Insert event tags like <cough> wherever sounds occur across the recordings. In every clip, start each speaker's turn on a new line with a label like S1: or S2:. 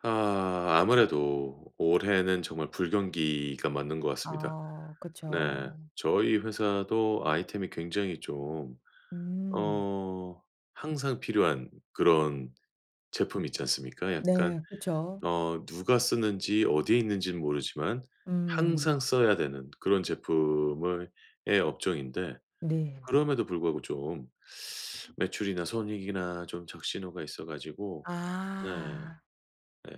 S1: 아. 아무래도 올해는 정말 불경기가 맞는 것 같습니다.
S2: 아
S1: 네.
S2: 그쵸.
S1: 저희 회사도 아이템이 굉장히 좀
S2: 음.
S1: 어 항상 필요한 그런 제품 있지 않습니까? 약간
S2: 네 그쵸.
S1: 어 누가 쓰는지 어디에 있는지는 모르지만
S2: 음.
S1: 항상 써야 되는 그런 제품을 의 업종인데
S2: 네.
S1: 그럼에도 불구하고 좀 매출이나 손익이나 좀 적신호가 있어 가지고 네.
S2: 아.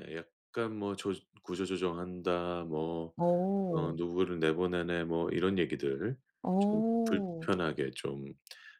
S1: 예 약간 뭐 조 "구조조정 한다." 뭐 어
S2: 어.
S1: 누구를 내보내네 뭐 이런 얘기들 좀
S2: 어.
S1: 불편하게 좀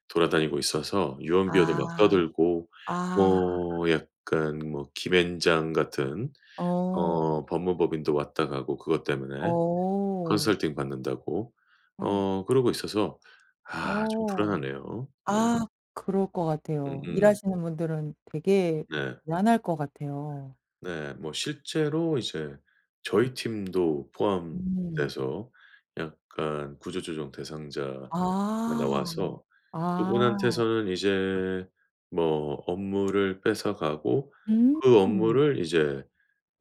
S1: 돌아다니고 있어서 유언비어도 막
S2: 아.
S1: 떠들고
S2: 아.
S1: 뭐 약간 뭐 김앤장 같은
S2: 어.
S1: 어 법무법인도 왔다 가고 그것 때문에
S2: 어.
S1: 컨설팅 받는다고.
S2: <gasps>
S1: 어 그러고 있어서 아 좀
S2: 어.
S1: 불안하네요. 네.
S2: 아. 그럴 것 같아요.
S1: 음음음.
S2: 일하시는 분들은 되게
S1: 네.
S2: 불안할 것 같아요.
S1: 네. 뭐 실제로 이제 저희 팀도
S2: 음.
S1: 포함돼서 약간 구조조정 대상자가
S2: 아.
S1: 나와서
S2: 아.
S1: 그분한테서는 이제 뭐 업무를 뺏어가고 그
S2: 음.
S1: 업무를 이제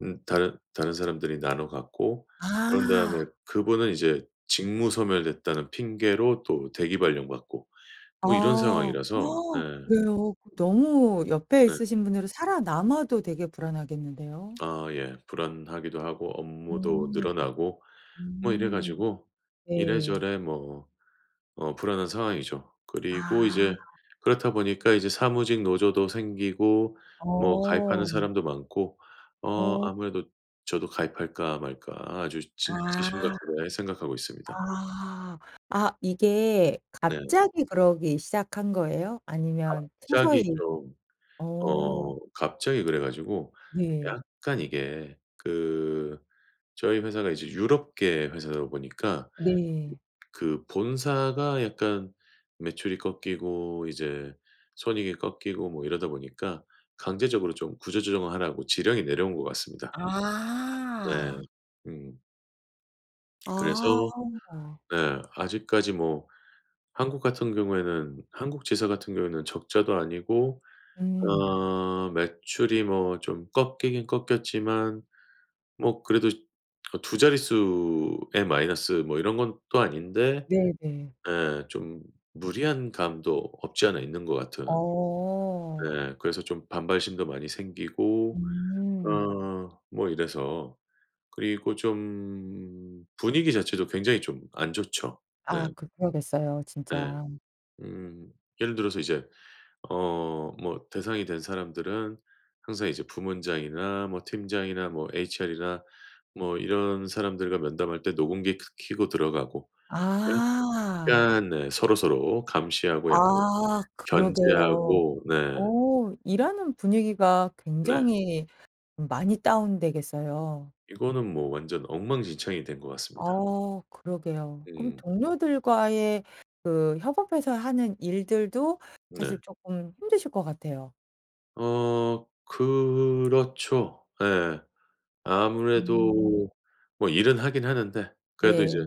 S1: 음 다른 다른 사람들이 나눠 갖고 그런 다음에
S2: 아.
S1: 그분은 이제 직무 소멸됐다는 핑계로 또 대기발령 받고 뭐 이런
S2: 아.
S1: 상황이라서. 네.
S2: <gasps> 그래요? 그 너무 옆에
S1: 네.
S2: 있으신 분들은 살아남아도 되게 불안하겠는데요.
S1: 아 예. 불안하기도 하고 업무도
S2: 음.
S1: 늘어나고 뭐 이래
S2: 음.
S1: 가지고
S2: 네.
S1: 이래저래 뭐 어 불안한 상황이죠. 그리고
S2: 아.
S1: 이제 그렇다 보니까 이제 사무직 노조도 생기고 뭐 가입하는
S2: 어.
S1: 사람도 많고 어
S2: 어.
S1: 아무래도 저도 가입할까 말까 아주 진짜
S2: 아.
S1: 심각하게 생각하고 있습니다.
S2: 아. 아 이게
S1: 네.
S2: 갑자기 그러기 시작한 거예요? 아니면
S1: 갑자기
S2: 서서히
S1: 좀
S2: 어.
S1: 어 갑자기 그래 가지고
S2: 네.
S1: 약간 이게 그 저희 회사가 이제 유럽계 회사다 보니까
S2: 네.
S1: 그 본사가 약간 매출이 꺾이고 이제 손익이 꺾이고 뭐 이러다 보니까 강제적으로 좀 구조조정을 하라고 지령이 내려온 것 같습니다. 네.
S2: 아.
S1: 음.
S2: 아.
S1: 그래서 네. 아직까지 뭐 한국 같은 경우에는 한국 지사 같은 경우에는 적자도 아니고
S2: 음.
S1: 아 매출이 뭐 좀 꺾이긴 꺾였지만 뭐 그래도 그 2 자릿수에 마이너스 뭐 이런 것도 아닌데
S2: 네 네.
S1: 예 좀 무리한 감도 없지 않아 있는 것 같은.
S2: 어.
S1: 네. 그래서 좀 반발심도 많이 생기고
S2: 음.
S1: 아 뭐 이래서 그리고 좀 분위기 자체도 굉장히 좀 안 좋죠. 네.
S2: 아 그러겠어요
S1: 네.
S2: 진짜.
S1: 음. 예를 들어서 이제 어 뭐 대상이 된 사람들은 항상 이제 부문장이나 뭐 팀장이나 뭐 HR이나 뭐 이런 사람들과 면담할 때 녹음기 크 켜고 들어가고
S2: 아.
S1: 약간 네 서로서로 감시하고 약간
S2: 아 그러게요.
S1: 견제하고 네.
S2: 어 일하는 분위기가
S1: 네.
S2: 굉장히 많이 다운되겠어요.
S1: 이거는 뭐 완전 엉망진창이 된 것 같습니다.
S2: 어 그러게요. 그럼
S1: 음.
S2: 동료들과의 그 협업해서 하는 일들도
S1: 네.
S2: 사실 쪼끔 힘드실 것 같아요.
S1: 어 그렇죠. 예.
S2: 음.
S1: 아무래도 뭐 일은 하긴 하는데 그래도 이제
S2: 네.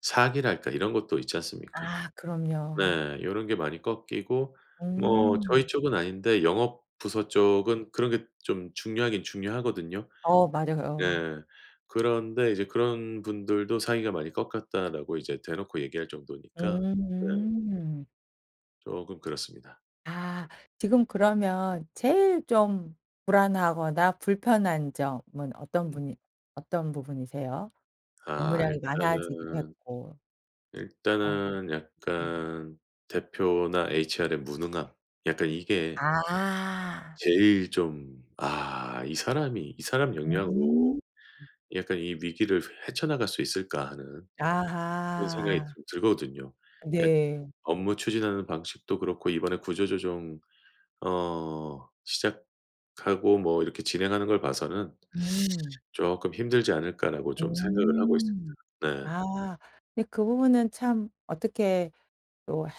S1: 사기랄까 이런 것도 있지 않습니까?
S2: 아 그럼요.
S1: 네. 요런 게 많이 꺾이고 뭐 저희
S2: 음.
S1: 쪽은 아닌데 영업 부서 쪽은 그런 게 좀 중요하긴 중요하거든요.
S2: 어 맞아요.
S1: 예. 그런데 이제 그런 분들도 "사기가 많이 꺾였다."라고 이제 대놓고 얘기할 정도니까 네.
S2: 음.
S1: 쪼금 그렇습니다.
S2: 아 지금 그러면 제일 좀 불안하거나 불편한 점은 어떤
S1: 음.
S2: 분이 어떤 부분이세요?
S1: 아
S2: 업무량이 많아지기도
S1: 일단은
S2: 했고 아.
S1: 일단은
S2: 음.
S1: 약간 대표나 HR의 무능함 약간 이게
S2: 아.
S1: 제일 좀 '아 이 사람이 이 사람 영향으로
S2: 음.
S1: 약간 이 위기를 헤쳐 나갈 수 있을까?' 하는 그런 생각이
S2: 아하.
S1: 좀 들거든요. 약
S2: 네.
S1: 업무 추진하는 방식도 그렇고 이번에 구조조정 어 시작하고 뭐 이렇게 진행하는 걸 봐서는
S2: 음.
S1: <sucks teeth> '쪼끔 힘들지 않을까?'라고 좀 생각을 하고 있습니다.
S2: 음.
S1: 네.
S2: 아 근데 그 부분은 참 어떻게 또 해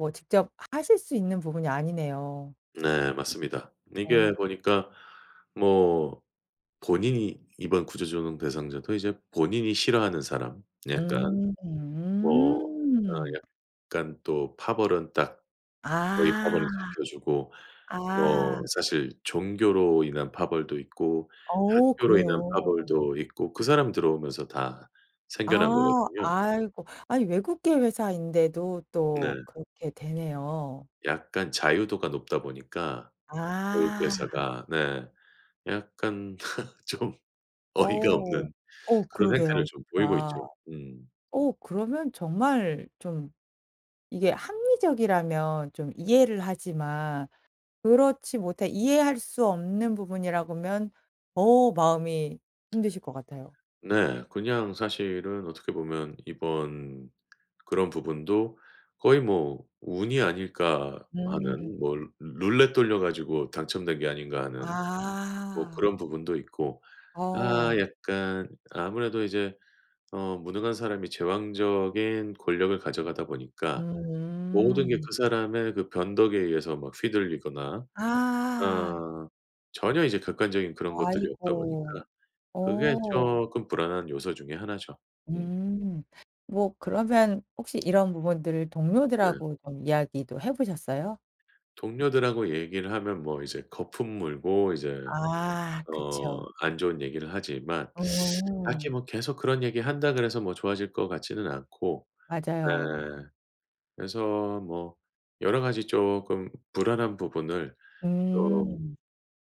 S2: 뭐 직접 하실 수 있는 부분이 아니네요.
S1: 네 맞습니다. 네 이게
S2: 어.
S1: 보니까 뭐 본인이 이번 구조조정 대상자도 이제 본인이 싫어하는 사람 약간
S2: 음.
S1: 뭐 어
S2: 음.
S1: 약간 또 파벌은 딱 자기
S2: 아.
S1: 파벌은 지켜 주고
S2: 아.
S1: 뭐 사실 종교로 인한 파벌도 있고
S2: 어
S1: 학교로 인한
S2: 그래요?
S1: 파벌도 있고 그 사람 들어오면서 다 생겨난
S2: 아.
S1: 거거든요.
S2: 아이고 아니 외국계 회사인데도 또
S1: 네.
S2: 그렇게 되네요.
S1: 약간 자유도가 높다 보니까 외국
S2: 아.
S1: 회사가 네 약간 <laughs> 좀 어이가
S2: 어.
S1: 없는
S2: 어
S1: 그런 행태를
S2: 그러게요
S1: 좀 보이고
S2: 진짜.
S1: 있죠. 음.
S2: 어 그러면 정말 좀 이게 합리적이라면 좀 이해를 하지만 그렇지 못해 이해할 수 없는 부분이라고면 더 마음이 힘드실 것 같아요.
S1: 네. 그냥 사실은 어떻게 보면 이번 그런 부분도 '거의 뭐 운이 아닐까?'
S2: 음.
S1: 마는 '뭐 루 룰렛 돌려 가지고 당첨된 게 아닌가?' 하는 뭐
S2: 아.
S1: 그런 부분도 있고 아
S2: 어.
S1: 약간 아무래도 이제 어 무능한 사람이 제왕적인 권력을 가져가다 보니까 모든 게
S2: 음.
S1: 그 사람의 그 변덕에 의해서 막 휘둘리거나
S2: 아.
S1: 어 전혀 이제 객관적인 그런 것들이 없다
S2: 아이고
S1: 보니까 그게
S2: 어.
S1: 쪼끔 불안한 요소 중에 1 죠. 음.
S2: 음. 뭐 그러면 혹시 이런 부분들을
S1: 네.
S2: 동료들하고 좀 이야기도 해 보셨어요?
S1: 동료들하고 얘기를 하면 뭐 이제 거품 물고 이제
S2: 아
S1: 어
S2: 그쵸.
S1: 안 좋은 얘기를 하지만 <sucks teeth> 딱히
S2: 어.
S1: 뭐 계속 그런 얘기 한다 그래서 뭐 좋아질 것 같지는 않고 네
S2: 맞아요.
S1: 그래서 뭐 여러 가지 쪼끔 불안한 부분을 좀
S2: 음.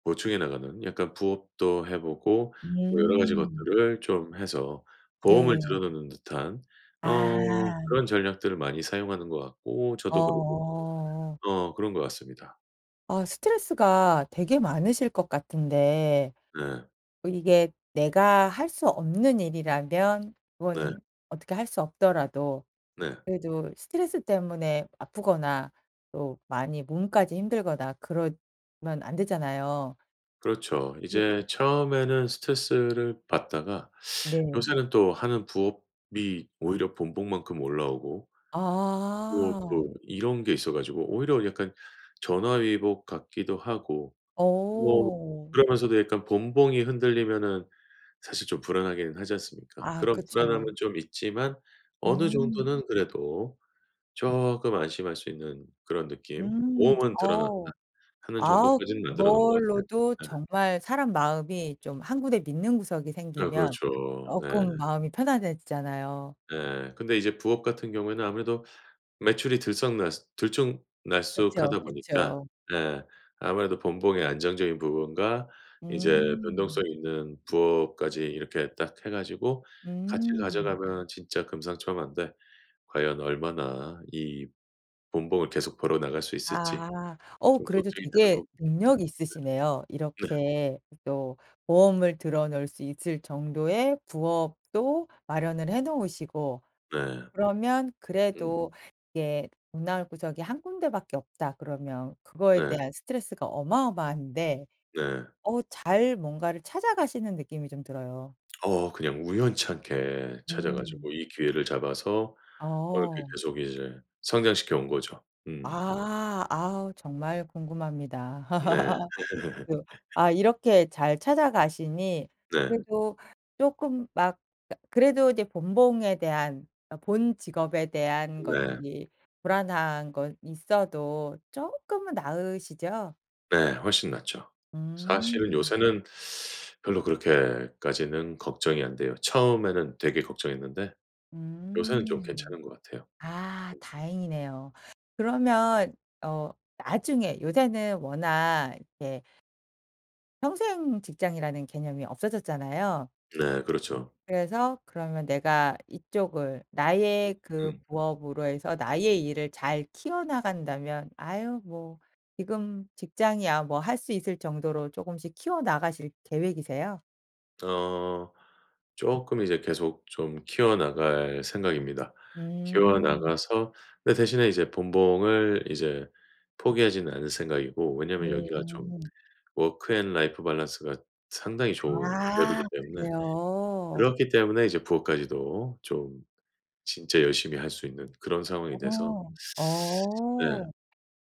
S1: 보충해 나가는 약간 부업도 해 보고 뭐 여러 가지
S2: 음.
S1: 것들을 좀 해서 보험을 들어
S2: 네.
S1: 놓는 듯한 어
S2: 아.
S1: 그런 전략들을 많이 사용하는 것 같고 저도 그러고
S2: 어.
S1: 있고 어 그런 것 같습니다.
S2: 아 스트레스가 되게 많으실 것 같은데
S1: 네.
S2: 이게 내가 할 수 없는 일이라면
S1: 네.
S2: 그거는 어떻게 할 수 없더라도
S1: 네.
S2: 그래도 스트레스 때문에 아프거나 또 많이 몸까지 힘들거나 그러면 안 되잖아요.
S1: 그렇죠. 이제
S2: <unintelligible>
S1: 처음에는 스트레스를 받다가 <sucks teeth>
S2: 네.
S1: 요새는 또 하는 부업이 오히려 본봉만큼 올라오고 뭐
S2: 아.
S1: 또 이런 게 있어 가지고 오히려 약간 전화위복 같기도 하고 뭐
S2: 어.
S1: 그러면서도 약간 본봉이 흔들리면은 사실 좀 불안하긴 하지 않습니까?
S2: 아
S1: 그런 불안함은
S2: 그쵸.
S1: 좀 있지만 어느
S2: 음.
S1: 정도는 그래도 쪼끔 안심할 수 있는 그런 느낌.
S2: 음.
S1: 보험은 들어놨다
S2: 어우.
S1: 하는
S2: 아
S1: 정도까지는 만들어 놓은 것 같아요.
S2: 그걸로도
S1: 네.
S2: 정말 사람 마음이 좀 한 군데 믿는 구석이
S1: 네
S2: 생기면
S1: 그렇죠. 네.
S2: 쪼끔 마음이 편안해지잖아요.
S1: 예. 근데 이제 부업 같은 경우에는 아무래도 매출이 들썩날쓰 들쭉날쭉
S2: 그쵸.
S1: 하다 보니까
S2: 그쵸.
S1: 예. 아무래도 본봉의 안정적인 부분과 이제
S2: 음.
S1: 변동성 있는 부업까지 이렇게 딱 해 가지고 같이
S2: 음.
S1: 가져가면 진짜 금상첨환데 과연 얼마나 이 본봉을 계속 벌어 나갈 수 있을지
S2: 아. 어
S1: 좀
S2: 그래도
S1: 걱정이 되는
S2: 되게
S1: 부분입니다.
S2: 능력 있으시네요.
S1: 네. 네.
S2: 이렇게 또 보험을 들어 놓을 수 있을 정도의 부업도 마련을 해 놓으시고
S1: 네.
S2: 그러면
S1: 음.
S2: 그래도 이게 돈 나올 구석이 한 군데밖에 없다 그러면 그거에
S1: 네.
S2: 대한 스트레스가 어마어마한데
S1: 네.
S2: 어 잘 뭔가를 찾아가시는 느낌이 좀 들어요.
S1: 어. 그냥 우연치 않게 찾아
S2: 음.
S1: 가지고 이 기회를 잡아서 어 이렇게
S2: 어.
S1: 계속 이제 성장시켜 온 거죠. 음.
S2: 아. 아우 정말 궁금합니다.
S1: 네.
S2: <laughs>
S1: <laughs>
S2: 그 아 이렇게 잘 찾아가시니
S1: 네.
S2: 그래도 쪼끔 막 그니까 그래도 이제 본봉에 대한 어 본 직업에 대한
S1: 네.
S2: 것들이 불안한 건 있어도 쪼끔은 나으시죠?
S1: 네. 훨씬 낫죠. 사실은
S2: 음.
S1: 요새는 별로 그렇게까지는 걱정이 안 돼요. 처음에는 되게 걱정했는데 요새는 좀
S2: 음.
S1: 괜찮은 것 같아요.
S2: 아
S1: 음.
S2: 다행이네요. 그러면 어 나중에 요새는 워낙 이렇게 평생 직장이라는 개념이 없어졌잖아요.
S1: 네 그렇죠.
S2: 그래서 그러면 내가 이쪽을
S1: 으
S2: 나의 그
S1: 음.
S2: 부업으로 해서 나의 일을 잘 키워 나간다면 "아유 뭐 지금 직장이야 뭐." 할 수 있을 정도로 쪼금씩 키워 나가실 계획이세요?
S1: 어. 쪼끔 이제 계속 좀 키워 나갈 생각입니다. 키워
S2: 음.
S1: 나가서 근데 대신에 이제 본봉을 이제 포기하지는 않을 생각이고 왜냐하면 여기가 좀
S2: 음.
S1: 워크 앤 라이프 밸런스가 상당히 좋은
S2: 아
S1: 기업이기 때문에
S2: 그래요?
S1: 그렇기 때문에 이제 부업까지도 좀 진짜 열심히 할 수 있는 그런 상황이 돼서
S2: 어.
S1: 네.
S2: 어.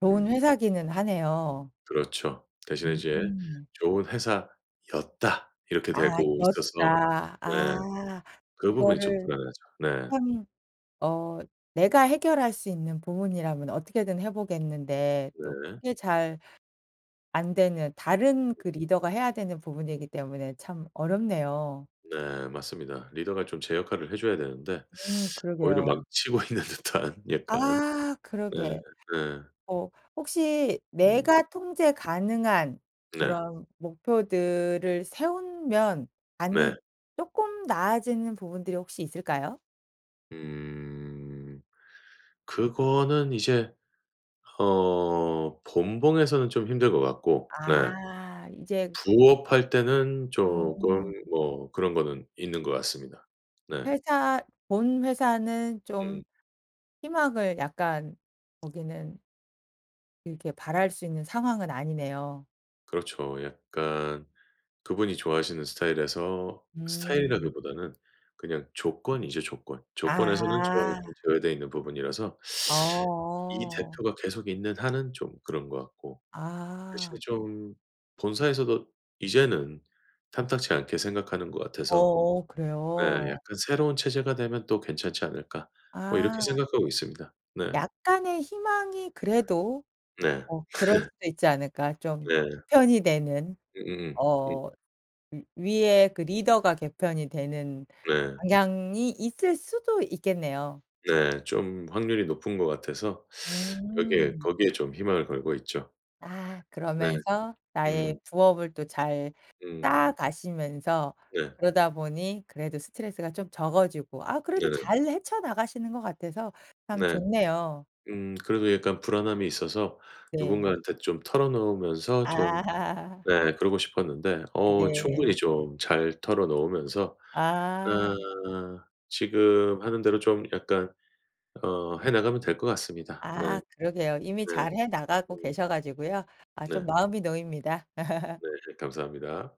S2: 좋은
S1: 음.
S2: 회사기는 하네요.
S1: 그렇죠. 대신에 이제
S2: 음.
S1: 좋은 회사였다. 이렇게
S2: 아
S1: 되고 있어서
S2: 였다.
S1: 네.
S2: 아.
S1: 그 부분이 좀
S2: 그거를
S1: 불안하죠. 네.
S2: 참 어 내가 해결할 수 있는 부분이라면 어떻게든 해 보겠는데 또
S1: 네.
S2: 그게 잘 안되는 다른 그
S1: 그쵸.
S2: 리더가 해야 되는 부분이기 때문에 참 어렵네요.
S1: 네. 맞습니다. 리더가 좀 제 역할을 해줘야 되는데
S2: 음
S1: <sucks teeth> 오히려
S2: 그러게요.
S1: 망치고 있는 듯한 약간.
S2: 아
S1: 네.
S2: 그러게.
S1: 네.
S2: 어 혹시
S1: 네.
S2: 내가 통제 가능한
S1: 네.
S2: 그런 목표들을 세우면
S1: 네.
S2: 가능 쪼끔 나아지는 부분들이 혹시 있을까요?
S1: 그 그거는 이제 어 본봉에서는 좀 힘들 것 같고 네
S2: 아 이제
S1: 부업할 때는 쪼금
S2: 음.
S1: 뭐 그런 거는 있는 것 같습니다. 네.
S2: 회사 본 회사는
S1: 음.
S2: 좀 희망을 약간 거기는 이렇게 바랄 수 있는 상황은 아니네요.
S1: 그렇죠. 약간 그분이 좋아하시는 스타일에서
S2: 음.
S1: 스타일이라기보다는 그냥 조건이죠 조건, 조건에서는 쪼끔
S2: 아하.
S1: 제외되어 있는 부분이라서 <sucks teeth> 이
S2: 어어.
S1: 대표가 계속 있는 한은 좀 그런 거 같고 대신에
S2: 아.
S1: 좀 본사에서도 이제는 탐탁치 않게 생각하는 것 같아서
S2: 어어
S1: 네
S2: 그래요?
S1: '약간 새로운 체제가 되면 또 괜찮지 않을까?' 뭐 이렇게
S2: 아.
S1: 생각하고 있습니다. 네.
S2: 약간의 희망이 그래도
S1: 네.
S2: '어 그럴
S1: <laughs>
S2: 수도 있지 않을까 좀
S1: 네.
S2: 개편이 되는?
S1: 음음음 음.
S2: 어 위 위에 그 리더가 개편이 되는
S1: 네.
S2: 방향이 있을 수도 있겠네요.
S1: 네. 좀 확률이 높은 것 같아서 <sucks teeth> 여기에
S2: 음.
S1: 거기에 좀 희망을 걸고 있죠.
S2: 아.
S1: 네.
S2: 그러면서 나의
S1: 음.
S2: 부업을 또 잘 쌓아
S1: 음.
S2: 가시면서
S1: 네.
S2: 그러다 보니 그래도 스트레스가 좀 적어지고 아 그래도
S1: 네네.
S2: 잘 헤쳐 나가시는 것 같아서 참
S1: 네.
S2: 좋네요.
S1: 음 그래도 약간 불안함이 있어서
S2: 네.
S1: 누군가한테 좀 털어 놓으면서 좀
S2: 아. <laughs>
S1: 네 그러고 싶었는데 어
S2: 네.
S1: 충분히 좀 잘 털어 놓으면서
S2: 아.
S1: 아 지금 하는 대로 좀 약간 어 해 나가면 될 것 같습니다. 네.
S2: 아 그러게요. 이미
S1: 네.
S2: 잘 해 나가고
S1: 음.
S2: 계셔 가지고요. 아
S1: 네.
S2: 좀 마음이 놓입니다. <laughs>
S1: 네. 그 감사합니다.